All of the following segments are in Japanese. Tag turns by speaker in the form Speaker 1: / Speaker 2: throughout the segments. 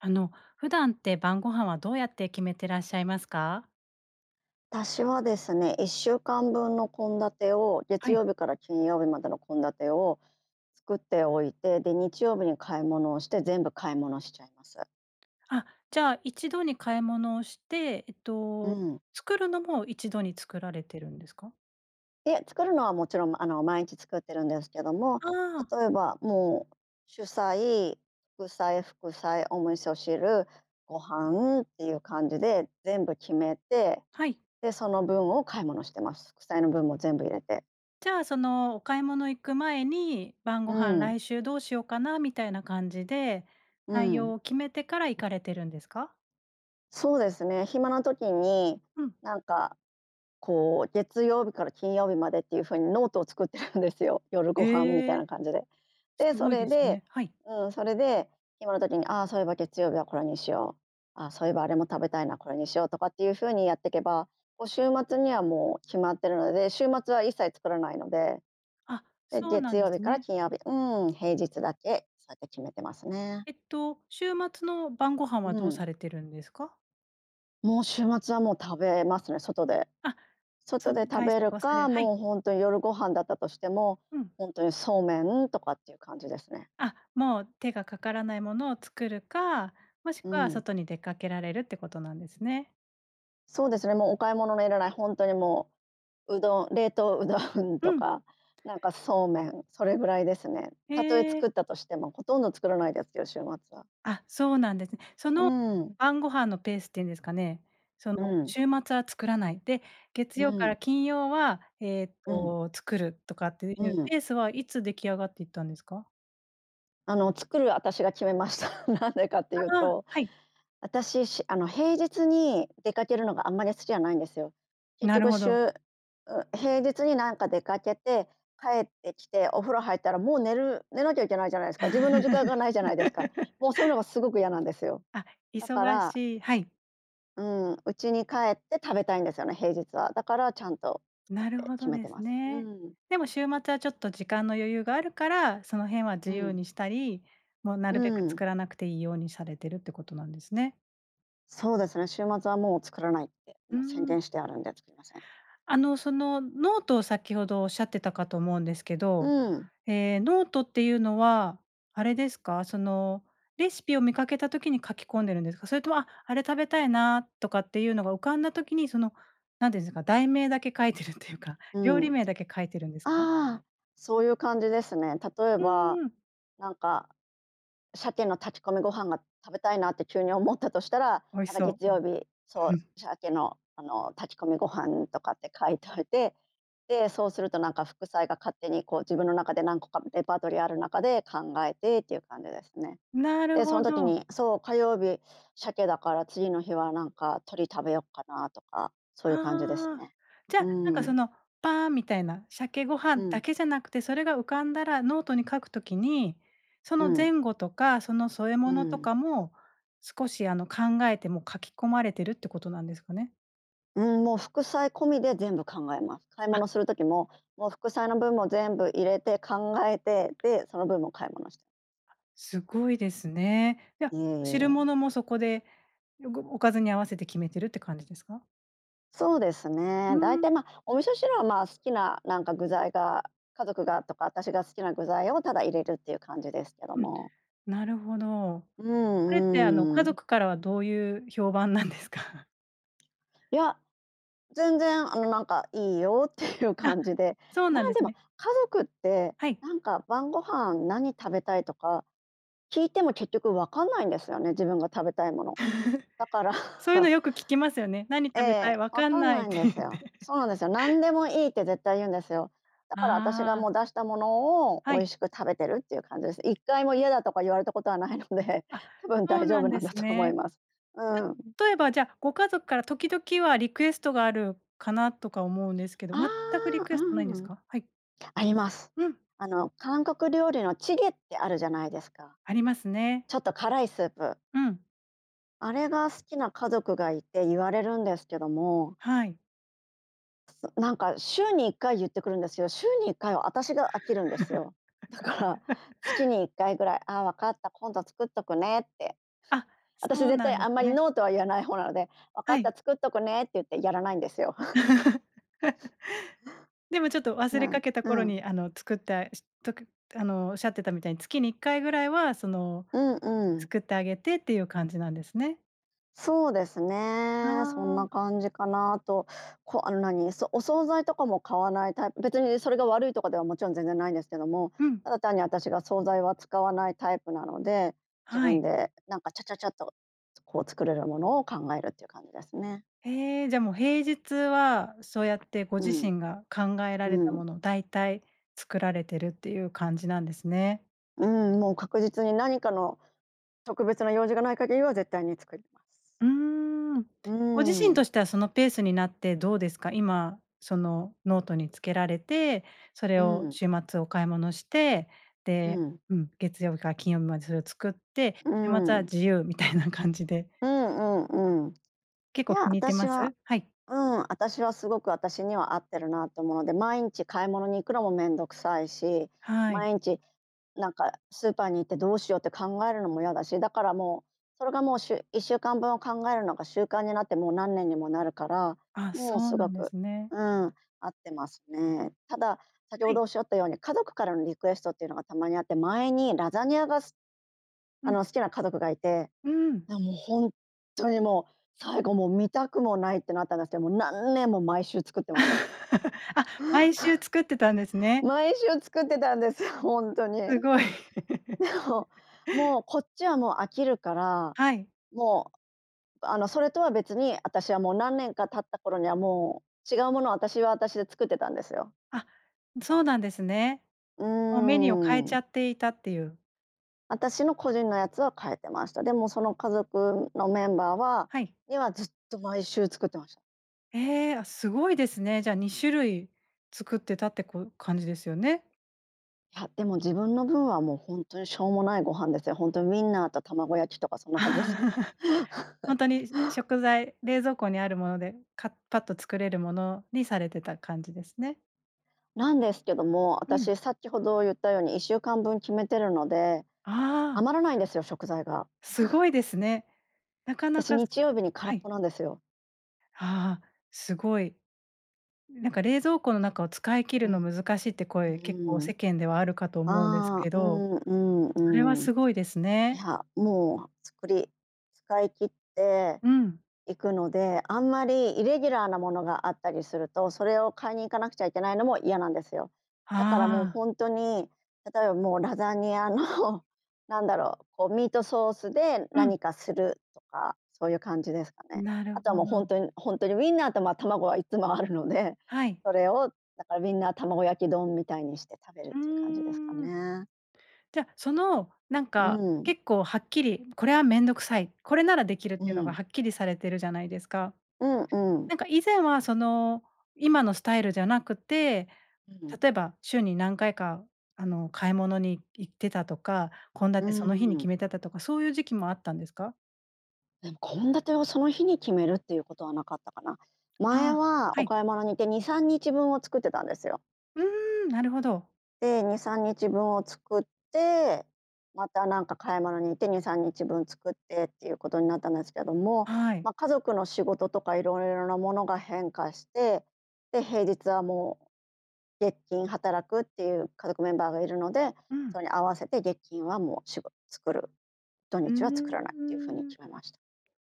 Speaker 1: あの、普段って晩御飯はどうやって決めてらっしゃいますか？
Speaker 2: 私はですね、1週間分の献立を月
Speaker 1: はい。
Speaker 2: 曜日から金曜日までの献立を作っておいて、で、日曜日に買い物をして全部買い物しちゃいます。
Speaker 1: あ、じゃあ、1度に買い物をして、えっ
Speaker 2: う
Speaker 1: と、
Speaker 2: ん。
Speaker 1: 作るのも1度に作られてるんですか？
Speaker 2: いや、作るのはもちろん、あの、毎日作ってるんですけども、
Speaker 1: ああ。
Speaker 2: 例えば、もう、主菜、副菜、副菜、お味噌汁、ご飯っていう感じで全部決めて、
Speaker 1: はい。
Speaker 2: で、その分を買い物してます。副菜の分も全部入れて。
Speaker 1: じゃあ、その、お買い物行く前に、晩御
Speaker 2: う
Speaker 1: 飯、
Speaker 2: ん。
Speaker 1: 来週どうしようかなみたいな感じで、
Speaker 2: う
Speaker 1: 内容
Speaker 2: ん。
Speaker 1: を決めてから行かれてるんですか？
Speaker 2: そうですね、暇な時に、
Speaker 1: うん。
Speaker 2: なんか、こう、月曜日から金曜日までっていう風にノートを作ってるんですよ。「夜ご
Speaker 1: へ
Speaker 2: 飯」みたい
Speaker 1: え。
Speaker 2: な感じで。で、
Speaker 1: す
Speaker 2: そ
Speaker 1: ごい
Speaker 2: れ
Speaker 1: です
Speaker 2: で、
Speaker 1: ね。はい。
Speaker 2: うん、それで暇な時に、あ、そういえば月曜日はこれにしよう、あ、そういえばあれも食べたいな、これにしようとかっていう風にやってけば、こう、週末には、もう、決まってるので、週末は一切作らないので。
Speaker 1: あ、
Speaker 2: で、
Speaker 1: そうな
Speaker 2: 月
Speaker 1: んで
Speaker 2: 曜日
Speaker 1: す
Speaker 2: から
Speaker 1: ね。
Speaker 2: 金曜日、うん、平日だけそうやって決めてますね。
Speaker 1: えっと、週末の晩御飯は
Speaker 2: う
Speaker 1: どう
Speaker 2: ん。
Speaker 1: されてるんですか？
Speaker 2: もう、週末は、もう、食べますね、外で。
Speaker 1: あ、そ
Speaker 2: 外
Speaker 1: う、
Speaker 2: で食
Speaker 1: 外
Speaker 2: べる
Speaker 1: 食をされ、
Speaker 2: か、
Speaker 1: はい。
Speaker 2: もう、ほんと夜ご飯だったとしても、
Speaker 1: うん。
Speaker 2: ほんとにそうめんとかっていう感じですね。
Speaker 1: あ、もう、手がかからないものを作るか、もし
Speaker 2: う
Speaker 1: くは
Speaker 2: ん。
Speaker 1: 外に出かけられるってことなんですね。
Speaker 2: そうですね、もう、お買い物のいらない、ほんとに、もう、うどん、冷凍うどんと
Speaker 1: うん。
Speaker 2: か、なんか、そうめん、それぐらいですね。
Speaker 1: へ
Speaker 2: たとえ
Speaker 1: え。
Speaker 2: 作ったとしてもほとんど作らないですよ、週末は。
Speaker 1: あ、そうなんですね。そ
Speaker 2: うー
Speaker 1: の、
Speaker 2: ん。
Speaker 1: 晩ご飯のペースっていうんですかね、その、
Speaker 2: うん。
Speaker 1: 週末は作らないで、月
Speaker 2: う
Speaker 1: 曜から
Speaker 2: ん。
Speaker 1: 金曜は、えっ
Speaker 2: うん。
Speaker 1: と、作るとかってい
Speaker 2: う
Speaker 1: う
Speaker 2: ん。
Speaker 1: ペースはいつ出来上がっていったんですか？
Speaker 2: あの、作る私が決めました。なんでかっていう
Speaker 1: ああ、
Speaker 2: と、
Speaker 1: はい。
Speaker 2: 私しゅあの、平日に出かけるのがあんまり好きじゃないんですよ。結
Speaker 1: なる
Speaker 2: 局
Speaker 1: ほど。
Speaker 2: 週、う平日に、なんか、出かけて帰ってきてお風呂入ったらもう寝る、寝なきゃいけないじゃないですか。自分の時間がないじゃないですか。もう、そういうの がすごく嫌なんですよ。
Speaker 1: あ、
Speaker 2: だか
Speaker 1: 忙
Speaker 2: ら
Speaker 1: しいはい。
Speaker 2: うん、うちに帰って食べたいんですよね、平日は。だから、ちゃんと作っ
Speaker 1: なる
Speaker 2: て
Speaker 1: ほ
Speaker 2: 決
Speaker 1: ど
Speaker 2: め
Speaker 1: で
Speaker 2: てま
Speaker 1: す
Speaker 2: す。う
Speaker 1: ね。
Speaker 2: ん。
Speaker 1: でも週末は、ちょっと、時間の余裕があるから、その辺は自
Speaker 2: う
Speaker 1: 由
Speaker 2: ん。
Speaker 1: にしたり、もう、な
Speaker 2: う
Speaker 1: るべく
Speaker 2: ん。
Speaker 1: 作らなくていいようにされてるってことなんですね。
Speaker 2: そうですね、週末はもう作らないって、
Speaker 1: うー
Speaker 2: もう宣
Speaker 1: ん。
Speaker 2: 伝してあるんで作りません。
Speaker 1: あの、そのノートを先ほどおっしゃってたかと思うんですけど、
Speaker 2: うん。
Speaker 1: え、ノートっていうのはあれですか、そのレシピを見かけた時に書き込んでるんですか？それとも、あ、あれ食べたいなとかっていうのが浮かんだ時にその何て言うんですか、題名だけ書いてるっていうか、
Speaker 2: う
Speaker 1: 料理
Speaker 2: ん。
Speaker 1: 名だけ書いてるんですか？
Speaker 2: ああ、そういう感じですね。例え
Speaker 1: う
Speaker 2: ば、
Speaker 1: ーん。
Speaker 2: なんかシャケの炊き込みご飯が食べたいなって急に思ったとしたら、
Speaker 1: 美味
Speaker 2: なん
Speaker 1: し
Speaker 2: か
Speaker 1: そ
Speaker 2: 月
Speaker 1: う。うん、
Speaker 2: 曜日、そ
Speaker 1: う
Speaker 2: う、
Speaker 1: ん。
Speaker 2: シャケの、あの、炊き込みご飯とかって書いといて、で、そうするとなんか副菜が勝手にこう自分の中で何個かレパートリーある中で考えてっていう感じですね。
Speaker 1: なる
Speaker 2: で、そ
Speaker 1: ほ
Speaker 2: の時
Speaker 1: ど。
Speaker 2: にそう、火曜日シャケだから次の日はなんか鳥食べよっかなとか、そういう感じです
Speaker 1: ああ、
Speaker 2: ね。
Speaker 1: じ
Speaker 2: う
Speaker 1: ゃなんか
Speaker 2: ー
Speaker 1: そ
Speaker 2: ん。
Speaker 1: のパーンみたいな、シャケご
Speaker 2: う
Speaker 1: 飯だ
Speaker 2: ん。
Speaker 1: けじゃなくてそれが浮かんだらノートに書く時に、そ
Speaker 2: う
Speaker 1: の
Speaker 2: ん。
Speaker 1: 前後とかその添え
Speaker 2: う
Speaker 1: 物と
Speaker 2: ん。
Speaker 1: かも少しあの考えて、もう書き込まれてるってことなんですかね。
Speaker 2: うん、もう、副菜込みで全部考えます。買い
Speaker 1: あ。
Speaker 2: 物する時も、もう、副菜の分も全部入れて考えて、で、その分も買い物し
Speaker 1: すごいですね。じゃ、
Speaker 2: いえい
Speaker 1: 汁
Speaker 2: え。
Speaker 1: 物もそこでよごおかずに合わせて決めてるって感じですか？
Speaker 2: そうです
Speaker 1: う
Speaker 2: ね、
Speaker 1: ー
Speaker 2: だいたい、
Speaker 1: ん。
Speaker 2: ま、お味噌汁は、まあ、好きな、なんか、具材が、家族がとか私が好きな具材をただ入れるっていう感じですけど
Speaker 1: うん、
Speaker 2: も。
Speaker 1: なるほど。
Speaker 2: う
Speaker 1: それって、あの、
Speaker 2: んう
Speaker 1: 家
Speaker 2: んうん。
Speaker 1: 族からはどういう評判なんですか？
Speaker 2: いや全然、あの、なんか、いいよっていう
Speaker 1: あ、
Speaker 2: 感じで、
Speaker 1: そう
Speaker 2: ま
Speaker 1: なん
Speaker 2: あ、
Speaker 1: で
Speaker 2: で
Speaker 1: す
Speaker 2: も
Speaker 1: ね。
Speaker 2: 家族って、
Speaker 1: はい。
Speaker 2: なんか「晩御飯何食べたい」とか聞いても結局わかんないんですよね、自分が食べたいもの。だから
Speaker 1: そういうのよく聞きますよね。「何
Speaker 2: え
Speaker 1: 食べたい？」
Speaker 2: え、
Speaker 1: 「わ
Speaker 2: わ
Speaker 1: かん
Speaker 2: かん
Speaker 1: ない」
Speaker 2: な
Speaker 1: っ
Speaker 2: いん
Speaker 1: て
Speaker 2: で
Speaker 1: 言っ
Speaker 2: すよ。
Speaker 1: て。
Speaker 2: そうなんですよ、何でもいいって絶対言うんですよ。だから私が、
Speaker 1: ああ。
Speaker 2: もう、出したものを美
Speaker 1: はい。
Speaker 2: 味しく食べてるっていう感じです。1回も嫌だとか言われたことはないので、
Speaker 1: あ、
Speaker 2: 多分
Speaker 1: そう
Speaker 2: 大丈
Speaker 1: な
Speaker 2: 夫
Speaker 1: ん
Speaker 2: な
Speaker 1: で
Speaker 2: んだ
Speaker 1: す
Speaker 2: と思い
Speaker 1: ね。
Speaker 2: ます。うーん。
Speaker 1: う例えば、じゃ、ご家族から時々はリクエストがあるかなとか思うんですけど、
Speaker 2: あ
Speaker 1: 全くリ
Speaker 2: あ、
Speaker 1: ク
Speaker 2: う
Speaker 1: エストないんです
Speaker 2: ーん、
Speaker 1: か？はい。
Speaker 2: あります。
Speaker 1: うん。
Speaker 2: あの、韓国料理のチゲってあるじゃないですか？
Speaker 1: ありますね。
Speaker 2: ちょっと辛いスープ。
Speaker 1: うん。
Speaker 2: あれが好きな家族がいて、言われるんですけども。
Speaker 1: はい。
Speaker 2: なんか週に1回言ってくるんですよ。週に1回は、私が飽きるんですよ。だから月 に1回ぐらい「あ、わかった。今度作っとくね」って。
Speaker 1: あ、
Speaker 2: 私、
Speaker 1: そう
Speaker 2: 絶
Speaker 1: な
Speaker 2: 対
Speaker 1: んで
Speaker 2: あ
Speaker 1: す
Speaker 2: んまり
Speaker 1: ね。
Speaker 2: ノーとは言わない方なので「わか
Speaker 1: は
Speaker 2: っ
Speaker 1: い。
Speaker 2: た、作っとくね」って言ってやらないんですよ。
Speaker 1: でも、ちょっと忘
Speaker 2: う
Speaker 1: れ
Speaker 2: ん、
Speaker 1: かけた頃
Speaker 2: うん。
Speaker 1: に、あの作った、とくあの、おっしゃってたみたいに月に1回ぐらいはその
Speaker 2: うんうん。
Speaker 1: 作ってあげてっていう感じなんですね。
Speaker 2: そうです
Speaker 1: あ
Speaker 2: ね、そん
Speaker 1: あ。
Speaker 2: な感じかなと。こあの、なに、そお惣菜とかも買わないタイプ別にそれが悪いとかではもちろん全然ないんですけども、
Speaker 1: うん。
Speaker 2: ただ単に私が惣菜は使わないタイプなので、自
Speaker 1: は
Speaker 2: 分
Speaker 1: い。
Speaker 2: でなんかチャチャチャとこう作れるものを考えるっていう感じですね。
Speaker 1: へえ、じゃあ、もう平日はそうやってご
Speaker 2: う
Speaker 1: 自
Speaker 2: ん。
Speaker 1: 身が考えられ
Speaker 2: う
Speaker 1: たも
Speaker 2: ん。
Speaker 1: の大体作られてるっていう感じなんですね。
Speaker 2: うん、もう確実に何かの特別な用事がない限りは、絶対に作ります。
Speaker 1: うーん、
Speaker 2: う
Speaker 1: ご自身と
Speaker 2: ん。
Speaker 1: してはそのペースになってどうですか？今そのノートにつけられて、それ
Speaker 2: う
Speaker 1: を
Speaker 2: ん。
Speaker 1: 週末お買い物して、
Speaker 2: う
Speaker 1: で、
Speaker 2: ん。
Speaker 1: うん、月曜日から金曜日までそれを作って、
Speaker 2: うー
Speaker 1: 週末は
Speaker 2: ん。
Speaker 1: 自由みたいな感じで。
Speaker 2: うんうんうん。
Speaker 1: 結
Speaker 2: い
Speaker 1: 構
Speaker 2: や、
Speaker 1: 気に入って
Speaker 2: 私
Speaker 1: ま
Speaker 2: は
Speaker 1: す？はい。
Speaker 2: うん。私は、すごく私には合ってるなと思うので、毎日買い物に行くのもめんどくさいし、
Speaker 1: はい。
Speaker 2: 毎日なんかスーパーに行ってどうしようって考えるのもいやだし。だからもう、それがもう、週1週間分を考えるのが習慣になってもう何年にもなるから、
Speaker 1: あ、
Speaker 2: もう
Speaker 1: そう
Speaker 2: す
Speaker 1: な
Speaker 2: ご
Speaker 1: んで
Speaker 2: く
Speaker 1: すね。
Speaker 2: うん、合ってますね。ただ、先
Speaker 1: は
Speaker 2: ほ
Speaker 1: い。
Speaker 2: どおっしゃったように家族からのリクエストっていうのがたまにあって、前にラザニアがす
Speaker 1: う
Speaker 2: あ
Speaker 1: ん。
Speaker 2: の、好きな家族がいて、
Speaker 1: うーん。
Speaker 2: なもうほんとにもう、最後もう見たくもないってなったんですけど、もう何年も毎週作ってました。
Speaker 1: あ、毎週作ってたんですね。
Speaker 2: 毎週作ってたんですよ、ほんとに。
Speaker 1: すごい。
Speaker 2: でも、もうこっちはもう飽きるから、
Speaker 1: はい。
Speaker 2: もうあのそれとは別に、私はもう何年か経った頃には、もう違うものを私は私で作ってたんですよ。
Speaker 1: あ、そうなんですね。
Speaker 2: うー
Speaker 1: もうメニューを変えちゃ
Speaker 2: ん。
Speaker 1: っていたっていう。
Speaker 2: あたしの個人のやつは変えてました。でもその家族のメンバーは
Speaker 1: はい。
Speaker 2: にはずっと毎週作ってました。
Speaker 1: え、あ、すごいですね。じゃ2種類作ってたって、こう、感じですよね。
Speaker 2: はい、でも自分の分はもうほんとにしょうもないご飯ですよ。ほんとにウィンナーと卵焼きとかそんな感じですよ。
Speaker 1: ほんとに 食材、冷蔵庫にあるものでかパッと作れるものにされてた感じですね。
Speaker 2: なんですけども、あ
Speaker 1: う
Speaker 2: た
Speaker 1: ん。
Speaker 2: し先ほど言ったように1週間分決めてるので、
Speaker 1: ああ。
Speaker 2: 余らないんですよ食材が。
Speaker 1: すごいですね。なか
Speaker 2: あた
Speaker 1: な
Speaker 2: し
Speaker 1: か
Speaker 2: 日曜日に空
Speaker 1: は
Speaker 2: っ
Speaker 1: い。
Speaker 2: ぽなんですよ。
Speaker 1: ああ、すごい。なんか冷蔵庫の中を 使い切る
Speaker 2: う
Speaker 1: の
Speaker 2: ん。
Speaker 1: 難しいって
Speaker 2: う
Speaker 1: 声、結構
Speaker 2: ー
Speaker 1: 世
Speaker 2: ん。
Speaker 1: 間ではあるかと思うんです
Speaker 2: ああ、
Speaker 1: け
Speaker 2: う
Speaker 1: ど、
Speaker 2: ん、うん、
Speaker 1: それは
Speaker 2: うん。
Speaker 1: すごいです
Speaker 2: い
Speaker 1: ね。
Speaker 2: やもう作り使い切って
Speaker 1: うん。
Speaker 2: いくのであんまりイレギュラーなものがあったりすると、それを買いに行かなくちゃいけないのも嫌なんですよ。だからもう
Speaker 1: ああ。
Speaker 2: ほんとに、例えばもうラザニアの なんだろう、こう、ミートソースで
Speaker 1: うん。
Speaker 2: 何かするとか、そういう感じですかね。
Speaker 1: なる
Speaker 2: あとは
Speaker 1: ほ
Speaker 2: もうほん
Speaker 1: ど。
Speaker 2: とにほんとにウィンナーと、ま、卵はいっつもあるので
Speaker 1: はい。
Speaker 2: それをだからウィンナー卵焼き丼みたいにして食べる
Speaker 1: う
Speaker 2: っていう感じですか
Speaker 1: ーん。
Speaker 2: ね。
Speaker 1: じゃ、そのなん
Speaker 2: う
Speaker 1: か
Speaker 2: ん。
Speaker 1: 結構はっきり、これは面倒くさい、これならできるっ
Speaker 2: う
Speaker 1: ていうのが
Speaker 2: ん。
Speaker 1: はっきりされてるじゃないですか。
Speaker 2: うん、うん。
Speaker 1: なんか以前はその今のスタイルじゃなくて、
Speaker 2: うん。
Speaker 1: 例えば週に何回か、あの、買い物に行ってたとか献
Speaker 2: う
Speaker 1: 立その日に
Speaker 2: ー
Speaker 1: 決
Speaker 2: ん。
Speaker 1: めてたとかそういう時期もあったんですか？
Speaker 2: 献立をその日に決めるっていうことはなかったかな。前
Speaker 1: ああ、
Speaker 2: は
Speaker 1: は
Speaker 2: お
Speaker 1: い。
Speaker 2: 買い物に行って2、3日分を作ってたんですよ。
Speaker 1: うーん、なるほど。
Speaker 2: で、2、3日分を作って、またなんか買い物に行って2、3日分作ってっていうことになったんですけども、
Speaker 1: はい。
Speaker 2: ま、家族の仕事とかいろいろなものが変化して、で、平日はもう月金働くっていう家族メンバーがいるので、
Speaker 1: う
Speaker 2: そ
Speaker 1: ん。
Speaker 2: れに合わせて月金はもうしご作る、土
Speaker 1: う
Speaker 2: 日は作らないっていう風に
Speaker 1: ーん。
Speaker 2: 決めました。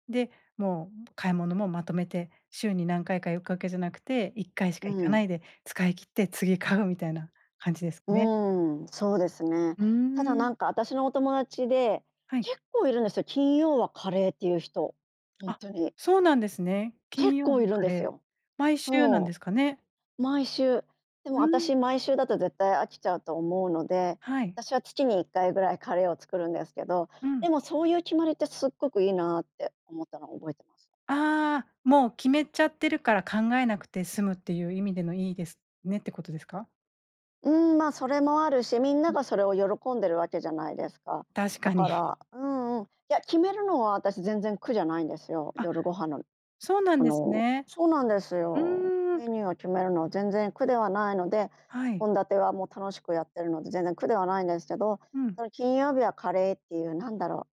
Speaker 1: で、もう買い物もまとめて週に何回かいくわけじゃなくて、1 回し
Speaker 2: う
Speaker 1: か行かな
Speaker 2: ん。
Speaker 1: いで、使い切って次買うみたいな感じです
Speaker 2: う
Speaker 1: ね。
Speaker 2: ーん、そうですね。
Speaker 1: うー
Speaker 2: ただな
Speaker 1: ん。
Speaker 2: んか、あたしのお友達で
Speaker 1: はい。
Speaker 2: 結構いるんですよ、金曜はカレーっていう人、ほん
Speaker 1: あ、
Speaker 2: とに。
Speaker 1: そうなんですね。金
Speaker 2: 結
Speaker 1: 曜
Speaker 2: 構
Speaker 1: の
Speaker 2: いるん
Speaker 1: カ
Speaker 2: です
Speaker 1: レー、
Speaker 2: よ。
Speaker 1: 毎週なんで
Speaker 2: そ
Speaker 1: すかね。
Speaker 2: う、毎週。で
Speaker 1: う
Speaker 2: もあた
Speaker 1: ん。
Speaker 2: し毎週だと絶対飽きちゃうと思うので、
Speaker 1: はい。
Speaker 2: 私は月に1回ぐらいカレーを作るんですけど、
Speaker 1: うん。
Speaker 2: でもそういう決まりってすっごくいいなって思ったのを覚えてます。
Speaker 1: あ、もう決めちゃってるから考えなくて済むっていう意味でのいいですねってことですか？
Speaker 2: うん、ま、それもあるし、みんな
Speaker 1: うん。
Speaker 2: がそれを喜んでるわけじゃないですか。
Speaker 1: 確
Speaker 2: だ
Speaker 1: か
Speaker 2: か
Speaker 1: に。
Speaker 2: ら、うんうん、いや、決めるのは私全然苦じゃないんですよ、
Speaker 1: あ、
Speaker 2: 夜ご飯の、
Speaker 1: そうなん
Speaker 2: そ
Speaker 1: です
Speaker 2: の
Speaker 1: ね。
Speaker 2: そうなんです
Speaker 1: う
Speaker 2: よ。
Speaker 1: ーん。
Speaker 2: メニューを決めるのは全然苦ではないので、
Speaker 1: はい。
Speaker 2: 献立は、もう、楽しくやってるので全然苦ではないんですけど、
Speaker 1: うん。
Speaker 2: その、金曜日はカレーっていうなんだろう、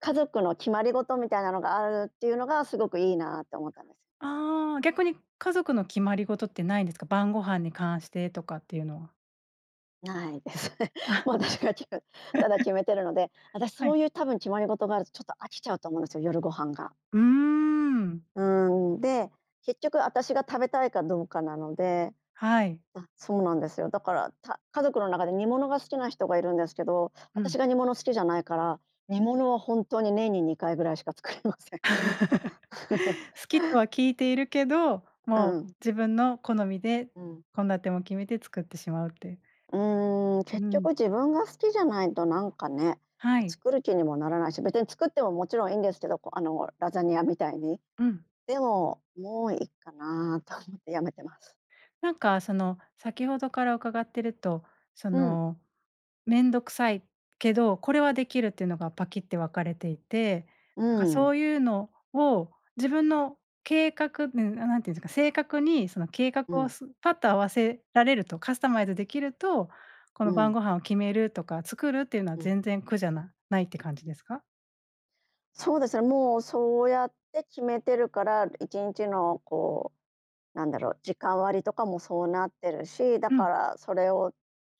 Speaker 2: 家族の決まりごとみたいなのがあるっていうのがすごくいいなって思ったんです。
Speaker 1: ああ、逆に家族の決まりごとってないんですか？晩御飯に関してとかっていうのは。
Speaker 2: ないですね。
Speaker 1: あ。
Speaker 2: もう、私が、きふ、ただ決 めてるので、私
Speaker 1: は
Speaker 2: そ
Speaker 1: い。
Speaker 2: ういう多分決まりごとがあると、ちょっと、飽きちゃうと思うんすよ、夜ご飯が。
Speaker 1: うーん。
Speaker 2: うん、で、結局私が食べたいかどうかなので。
Speaker 1: はい。
Speaker 2: あ、そうなんですよ。だから、た家族の中で煮物が好きな人がいるんですけど、
Speaker 1: うん。
Speaker 2: 私が煮物好きじゃないから、煮物はほんとに年に2回ぐらいしか作りません。
Speaker 1: 好きとは聞いているけど、
Speaker 2: うん
Speaker 1: も
Speaker 2: う
Speaker 1: う、
Speaker 2: ん。
Speaker 1: 自分の好みで
Speaker 2: うん。
Speaker 1: 献立も決めて作ってしまうっていう。
Speaker 2: うーん、
Speaker 1: う
Speaker 2: 結
Speaker 1: ん。
Speaker 2: 局自分が好きじゃないと、なんかね、
Speaker 1: はい。
Speaker 2: 作る気にもならないし別に作ってももちろんいいんですけど、こあの、ラザニアみたいに。
Speaker 1: うん。
Speaker 2: でももういっかなと思ってやめてます。
Speaker 1: なんか、その、先ほどから伺ってると、そ
Speaker 2: うん。
Speaker 1: の、めんどくさいけど、これはできるっていうのがパキッて分かれていて、
Speaker 2: う
Speaker 1: なんか、そ
Speaker 2: ん。
Speaker 1: ういうのを自分の計画、うーん、あ、なんていうんですか、正確にその計画
Speaker 2: う
Speaker 1: を、
Speaker 2: ん。
Speaker 1: スパッと合わせられると、カスタマイズできるとこ
Speaker 2: う
Speaker 1: の晩
Speaker 2: ん。
Speaker 1: 御飯を決めるとか作るっていうのは
Speaker 2: うん。
Speaker 1: 全然苦じゃなないって感じですか？
Speaker 2: そうですね、もう、そうやって決めてるから1日の、こう、なんだろう、時間割とかもそうなってるし、だ
Speaker 1: う
Speaker 2: か
Speaker 1: ん。
Speaker 2: らそれを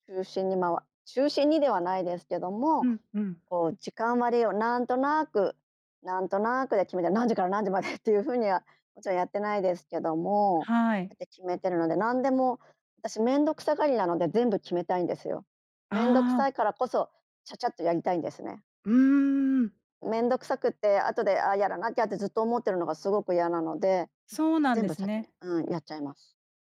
Speaker 2: 中心に、まわ中心にではないですけど
Speaker 1: う
Speaker 2: も、
Speaker 1: んうん。
Speaker 2: こう、時間割をなんとなく、なんとなくで決めて、何時から何時までっていう風にはもちろんやってないですけども、
Speaker 1: は
Speaker 2: だ
Speaker 1: い。
Speaker 2: いたい決めてるので、なんでも私めんどくさがりなので全部決めたいんですよ。めんどく
Speaker 1: ああ。
Speaker 2: さいからこそ、ちゃちゃっとやりたいんですね。
Speaker 1: うーん。
Speaker 2: めんどくさくって後で、あ、やらなきゃってずっと思ってるのがすごく嫌なので、
Speaker 1: そうなん
Speaker 2: 全
Speaker 1: で
Speaker 2: 部
Speaker 1: す
Speaker 2: 先に
Speaker 1: ね。
Speaker 2: うん、やっちゃいます。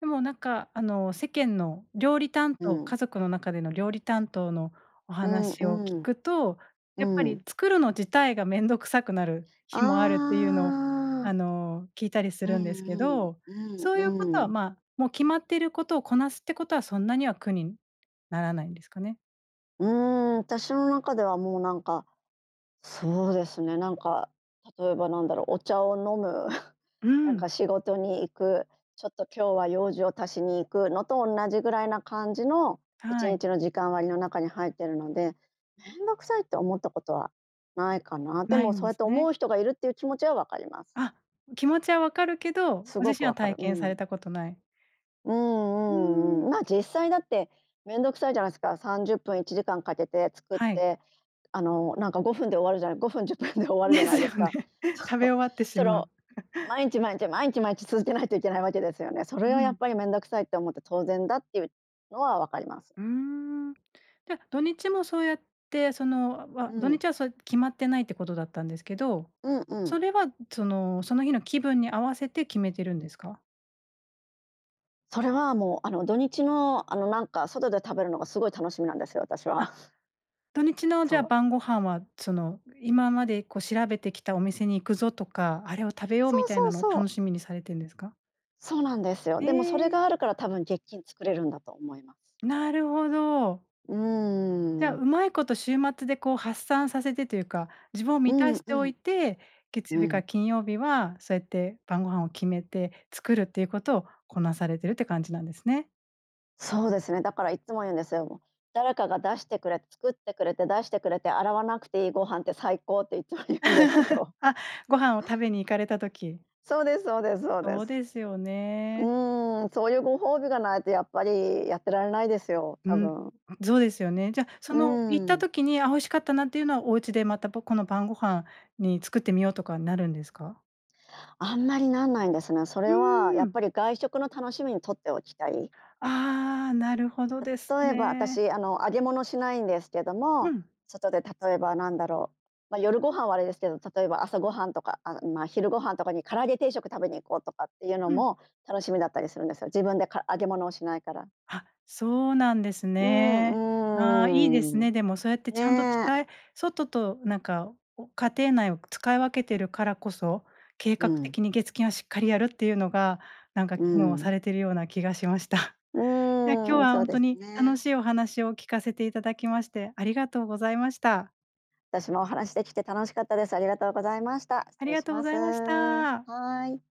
Speaker 1: でも、なんか、あの、世間の料理担
Speaker 2: う
Speaker 1: 当、
Speaker 2: ん。
Speaker 1: 家族の中での料理担当のお
Speaker 2: うん
Speaker 1: 話を聞
Speaker 2: うん。
Speaker 1: くと、
Speaker 2: う
Speaker 1: やっぱり、
Speaker 2: ん。
Speaker 1: 作るの自体がめんどくさくなる日もあるっていうのを、
Speaker 2: あ
Speaker 1: あ
Speaker 2: あ。
Speaker 1: の、聞いたりす
Speaker 2: う
Speaker 1: るんですけ
Speaker 2: ん
Speaker 1: ど、
Speaker 2: うん、
Speaker 1: そう
Speaker 2: う
Speaker 1: いうこ
Speaker 2: ん
Speaker 1: と
Speaker 2: う
Speaker 1: は、
Speaker 2: ん。
Speaker 1: ま、もう決まっていることをこなすってことはそんなには苦にならないんですかね。
Speaker 2: うーん、私の中では、もう、なんか、そうですね、なんか、例えばなんだろう。お茶を飲む、
Speaker 1: う
Speaker 2: なん
Speaker 1: ん。
Speaker 2: か、仕事に行く、ちょっと、今日は用事を足しに行くのと同じぐらいな感じのいち
Speaker 1: は
Speaker 2: に
Speaker 1: い。
Speaker 2: ちの時間割の中に入ってるので、めんどくさいって思ったことはないかな。で
Speaker 1: ない
Speaker 2: も、そ
Speaker 1: ん
Speaker 2: う
Speaker 1: で
Speaker 2: やっ
Speaker 1: す
Speaker 2: て
Speaker 1: ね。
Speaker 2: 思う人がいるっていう気持ちはわかります。
Speaker 1: あ、気持ちは分かるけど、
Speaker 2: す
Speaker 1: ご
Speaker 2: ご
Speaker 1: 自
Speaker 2: く
Speaker 1: 身は
Speaker 2: わかる。
Speaker 1: 体
Speaker 2: う
Speaker 1: 験され
Speaker 2: ん。
Speaker 1: たことない。
Speaker 2: う
Speaker 1: うー
Speaker 2: んうん
Speaker 1: ん。
Speaker 2: うん。ま、実際だってめんどくさいじゃないすか。30分、1時間かけて作っ
Speaker 1: はい。
Speaker 2: て、あの、なんか、5分で終わるじゃない5分10分で終わるじゃ
Speaker 1: で
Speaker 2: な
Speaker 1: す
Speaker 2: いです
Speaker 1: よね。
Speaker 2: か。そ
Speaker 1: 食
Speaker 2: う、
Speaker 1: べ終わってし
Speaker 2: それ
Speaker 1: まう。
Speaker 2: を 毎日毎日、毎日毎日続けないといけないわけですよね。そ
Speaker 1: う
Speaker 2: れはやっ
Speaker 1: ん。
Speaker 2: ぱりめんどくさいって思って当然だっていうのはわかります。
Speaker 1: うーん。じゃ、土日もそうやって、その、
Speaker 2: う
Speaker 1: わ土
Speaker 2: ん。
Speaker 1: 日はそや決まってないってことだったんですけど、
Speaker 2: うんうん。
Speaker 1: それは、その、その日の気分に合わせて決めてるんですか？
Speaker 2: それは、もう、あの、土日の、あの、なんか、外で食べるのがすごい楽しみなんですよ、私は。
Speaker 1: あ、土日の、じ
Speaker 2: そ
Speaker 1: ゃあ、
Speaker 2: う。
Speaker 1: 晩御飯はその、今まで、こう、調べてきたお店に行くぞとか、あれを食べよう
Speaker 2: そ
Speaker 1: み
Speaker 2: う
Speaker 1: たい
Speaker 2: そう
Speaker 1: なのを
Speaker 2: そう。
Speaker 1: 楽しみにされてんですか？
Speaker 2: そうなんですよ。
Speaker 1: へ
Speaker 2: でも、それ
Speaker 1: え。
Speaker 2: があるから多分、月金作れるんだと思います。
Speaker 1: なるほど。
Speaker 2: うー
Speaker 1: じゃあ、
Speaker 2: ん。
Speaker 1: うまいこと週末で、こう、発散させてというか、自分を
Speaker 2: う
Speaker 1: 満た
Speaker 2: ん
Speaker 1: し
Speaker 2: う
Speaker 1: ておい
Speaker 2: ん。
Speaker 1: て、月
Speaker 2: う
Speaker 1: 曜日から
Speaker 2: ん。
Speaker 1: 金曜日はそうやって晩御飯を決めて作るっていうことをこなされてるって感じなんですね。
Speaker 2: そうですね、だからいっつも言うんですよ。「誰かが出してくれ作ってくれて出してくれて洗わなくていいご飯って最高」っていっつも言うんですけ ど。
Speaker 1: あ、ご飯を食べに行かれた時。
Speaker 2: そうですそうですそうで
Speaker 1: そう
Speaker 2: す。
Speaker 1: ですよ
Speaker 2: う
Speaker 1: ね。
Speaker 2: ーん、そういうご褒美がないと、やっぱりやってられないですよ、
Speaker 1: う
Speaker 2: 多
Speaker 1: ん、
Speaker 2: 分。
Speaker 1: そうですよね。じゃ、
Speaker 2: う
Speaker 1: その、行っ
Speaker 2: ー
Speaker 1: た
Speaker 2: ん。
Speaker 1: 時に、あ、美味しかったなっていうのはお家でまた、ぽこの晩御飯に作ってみようとかになるんですか？
Speaker 2: あんまりなんないですね。そ
Speaker 1: う
Speaker 2: れは、
Speaker 1: ー
Speaker 2: やっ
Speaker 1: ん。
Speaker 2: ぱり、外食の楽しみに取っておきたい。
Speaker 1: ああ、なるほどです
Speaker 2: 例えば
Speaker 1: ね。
Speaker 2: 私、あの、揚げ物しないんですけど
Speaker 1: う
Speaker 2: も、
Speaker 1: ん。
Speaker 2: 外で例えば、なんだろう、ま、夜ご飯はあれですけど、例えば朝ごはんとか、あの、まあ、昼ご飯とかに唐揚げ定食食べに行こうとかっていうの
Speaker 1: うん。
Speaker 2: も楽しみだったりするんですよ。自分で、か揚げ物をしないから。
Speaker 1: は、そうなんです
Speaker 2: う
Speaker 1: ね。あ、いいです
Speaker 2: ん、うーん、
Speaker 1: ね。でも、そうやってちゃんと
Speaker 2: ね。
Speaker 1: 使え外と、なんか、家庭内を使い分けているからこそ、計
Speaker 2: う
Speaker 1: 画
Speaker 2: ん。
Speaker 1: 的に月金はしっかりやるっていうのが、なんか、
Speaker 2: う
Speaker 1: 機能は
Speaker 2: ん。
Speaker 1: されているような気がしました。
Speaker 2: う
Speaker 1: え、今日
Speaker 2: ーん、
Speaker 1: は
Speaker 2: そ
Speaker 1: ほ
Speaker 2: う
Speaker 1: ん
Speaker 2: で
Speaker 1: と
Speaker 2: す
Speaker 1: に楽
Speaker 2: ね。
Speaker 1: しいお話を聞かせていただきましてありがとうございました。
Speaker 2: 私も話しできて楽しかったです。ありがとうございました。
Speaker 1: あ
Speaker 2: 失
Speaker 1: り
Speaker 2: 礼
Speaker 1: が
Speaker 2: し
Speaker 1: とう
Speaker 2: ま
Speaker 1: ござ
Speaker 2: す。
Speaker 1: いました。
Speaker 2: はい。